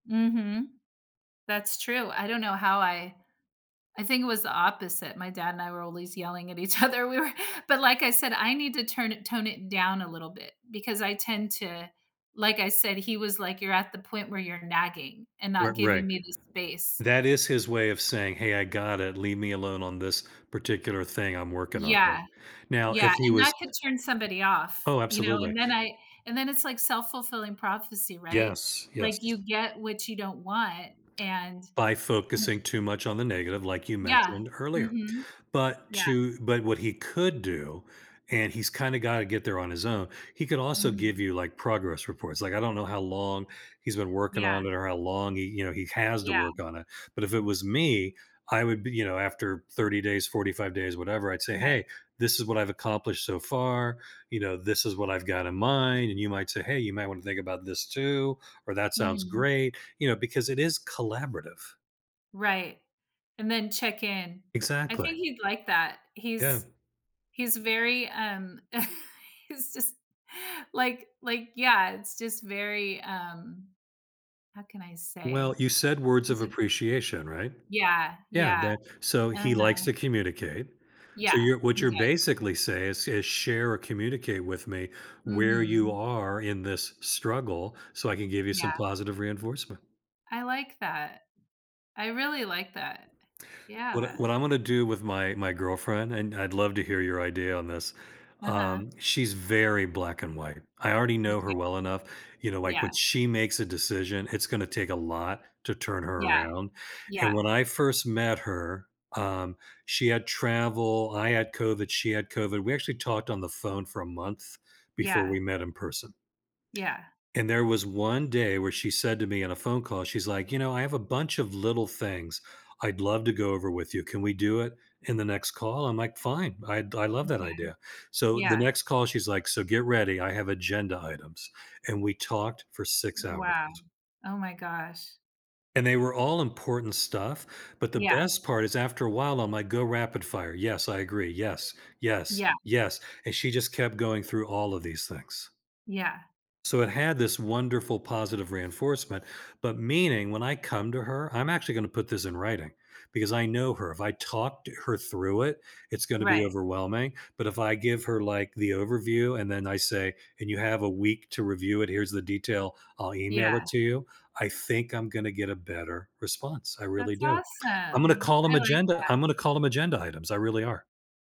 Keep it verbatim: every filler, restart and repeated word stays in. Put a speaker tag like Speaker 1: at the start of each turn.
Speaker 1: Mhm. That's true, I don't know how I I think it was the opposite. My dad and I were always yelling at each other. We were But like I said, I need to turn it tone it down a little bit, because I tend to like I said, he was like, "You're at the point where you're nagging and
Speaker 2: R
Speaker 1: not
Speaker 2: right.
Speaker 1: giving me the space."
Speaker 2: That is his way of saying, "Hey, I got it, leave me alone on this particular thing I'm working on," right.
Speaker 1: Yeah.
Speaker 2: Now, if
Speaker 1: Yeah,
Speaker 2: he
Speaker 1: and that
Speaker 2: was
Speaker 1: could turn somebody off,
Speaker 2: Oh,
Speaker 1: you know, and
Speaker 2: absolutely.
Speaker 1: then I and then it's like self-fulfilling prophecy, right?
Speaker 2: Yes,
Speaker 1: Like, you
Speaker 2: yes.
Speaker 1: get what you don't want, and
Speaker 2: By
Speaker 1: w
Speaker 2: focusing too much on the negative, like you
Speaker 1: Yeah.
Speaker 2: mentioned earlier.
Speaker 1: Mhm.
Speaker 2: But
Speaker 1: Yeah.
Speaker 2: to but what he could do, and he's kinda got to get there on his own, he could also give
Speaker 1: Mhm.
Speaker 2: you, like, progress reports. Like, I don't know how long he's been working
Speaker 1: Yeah.
Speaker 2: on it, or how long he you know, he has to
Speaker 1: Yeah.
Speaker 2: work on it, but if it was me, I would be you know, after thirty days, forty-five days, whatever, I'd say,
Speaker 1: Right.
Speaker 2: "Hey, this is what I've accomplished so far," you know, "This is what I've got in mind," and you might say, "Hey, you might wanna think about this too," or, "That sounds
Speaker 1: Mhm.
Speaker 2: great," you know, because it is collaborative.
Speaker 1: Right. And then check-in. I
Speaker 2: Exactly.
Speaker 1: think he'd like that.
Speaker 2: Yeah.
Speaker 1: He's he's very, um he's just like like yeah, it's just very, um- how can I
Speaker 2: Well,
Speaker 1: say?-
Speaker 2: you said words of
Speaker 1: zi
Speaker 2: appreciation, right?
Speaker 1: Yeah,
Speaker 2: Yeah,
Speaker 1: yeah.
Speaker 2: then so he likes
Speaker 1: Uh-huh.
Speaker 2: to communicate. So
Speaker 1: Yeah,
Speaker 2: you're what
Speaker 1: he
Speaker 2: you're
Speaker 1: did.
Speaker 2: basically say is is, "Share or communicate with me where you
Speaker 1: Mhm.
Speaker 2: are in this struggle so I can give you some
Speaker 1: Yeah.
Speaker 2: positive reinforcement."
Speaker 1: I like that. I really like that.
Speaker 2: What I
Speaker 1: Yeah.
Speaker 2: what I'm wanna do with my my girlfriend and I'd love to hear your idea on this.
Speaker 1: Uh-huh.
Speaker 2: um, she's very black and white. I already
Speaker 1: Me
Speaker 2: know
Speaker 1: too.
Speaker 2: her well enough, you know, like, when
Speaker 1: Yeah.
Speaker 2: she makes a decision, it's gonna take a lot to turn her
Speaker 1: Yeah.
Speaker 2: around,
Speaker 1: Yeah.
Speaker 2: and when I first met her, um, she had travel I had COVID; she had COVID, we actually talked on the phone for a month before
Speaker 1: Yeah.
Speaker 2: we met in person.
Speaker 1: Yeah.
Speaker 2: And there was one day where she said to me, in a phone call, she's like, "You know, I have a bunch of little things I'd love to go over with you, can we do it in the next call?" I'm like, "Fine, I'd I love that
Speaker 1: Okay.
Speaker 2: idea," so the
Speaker 1: Yeah.
Speaker 2: next call she's like, "So get ready, I have agenda items," and we talked for six hours.
Speaker 1: Wow. Oh my gosh.
Speaker 2: And they were all important stuff, but the
Speaker 1: Yeah.
Speaker 2: best part is after a while, I'm like, "Go rapid fire. Yes, I agree. Yes, yes,
Speaker 1: Yeah.
Speaker 2: yes." And she just kept going through all of these things.
Speaker 1: Yeah.
Speaker 2: So it had this wonderful positive reinforcement, but meaning, when I come to her, I'm actually gonna put this in writing, because I know her. If I talked her through it, it's gonna be
Speaker 1: Right.
Speaker 2: overwhelming. But if I give her, like, the overview and then I say, "And you have a week to review it, here's the detail, I'll email
Speaker 1: Yeah.
Speaker 2: it to you." I think I'm gonna get a better response, I really
Speaker 1: That's
Speaker 2: do. I'm gonna
Speaker 1: awesome.
Speaker 2: call 'em
Speaker 1: I like
Speaker 2: agenda
Speaker 1: that.
Speaker 2: I'm gonna call them agenda items, I really are.